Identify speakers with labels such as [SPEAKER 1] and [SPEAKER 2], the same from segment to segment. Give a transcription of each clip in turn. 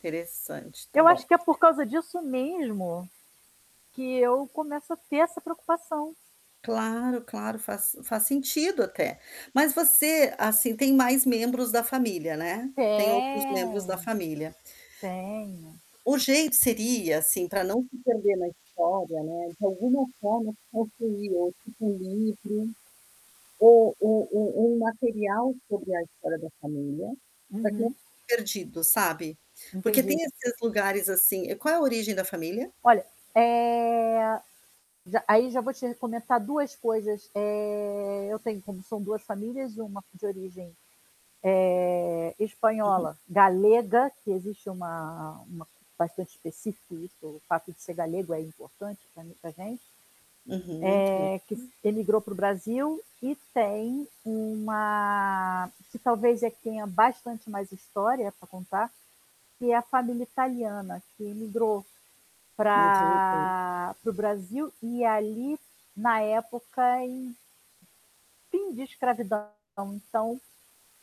[SPEAKER 1] Interessante. Tá
[SPEAKER 2] Eu acho
[SPEAKER 1] bom.
[SPEAKER 2] que é por causa disso mesmo que eu começo a ter essa preocupação.
[SPEAKER 1] Claro, claro, faz faz sentido, até. Mas você, assim, tem mais membros da família, né. Tem outros membros
[SPEAKER 2] Tenho.
[SPEAKER 1] da família.
[SPEAKER 2] Tenho.
[SPEAKER 1] O jeito seria, assim, pra não se perder na história, né, de alguma forma construir ou tipo um livro, ou um um um material sobre a história da família, pra que não
[SPEAKER 2] Uhum.
[SPEAKER 1] perdido, sabe? Porque tem
[SPEAKER 2] Entendi.
[SPEAKER 1] esses lugares, assim e qual é a origem da família?
[SPEAKER 2] Olha, eh, já aí já vou te re comentar 2 coisas. Eh, eu tenho como são 2 famílias, uma de origem, eh,
[SPEAKER 1] Uhum.
[SPEAKER 2] espanhola galega, que existe uma uma bastante específica, isso o fato de ser galego é importante pra muita gente
[SPEAKER 1] Uhum, entendo.
[SPEAKER 2] eh, que s emigrou pra o Brasil e tem uma que talvez é a que tenha bastante mais história pra contar, que é a família italiana que imigrou
[SPEAKER 1] Não tem [unintelligible]
[SPEAKER 2] pra para o Brasil. E ali, na época em fim de escravidão. Então,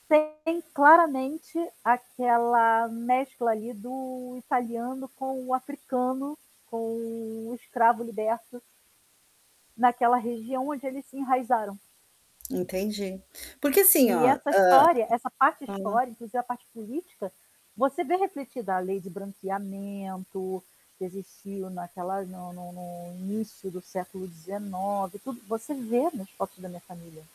[SPEAKER 2] tem claramente aquela mescla, ali, do italiano com o africano, com o escravo liberto naquela região onde eles se enraizaram.
[SPEAKER 1] Entendi. Porque, assim,
[SPEAKER 2] E
[SPEAKER 1] ó
[SPEAKER 2] essa
[SPEAKER 1] hã,
[SPEAKER 2] história essa parte
[SPEAKER 1] fala.
[SPEAKER 2] histórica quer dizer, a parte política, você vê refletida a lei de branqueamento, que existiu naquela no no no início do século 19, tudo você vê nas fotos da minha família.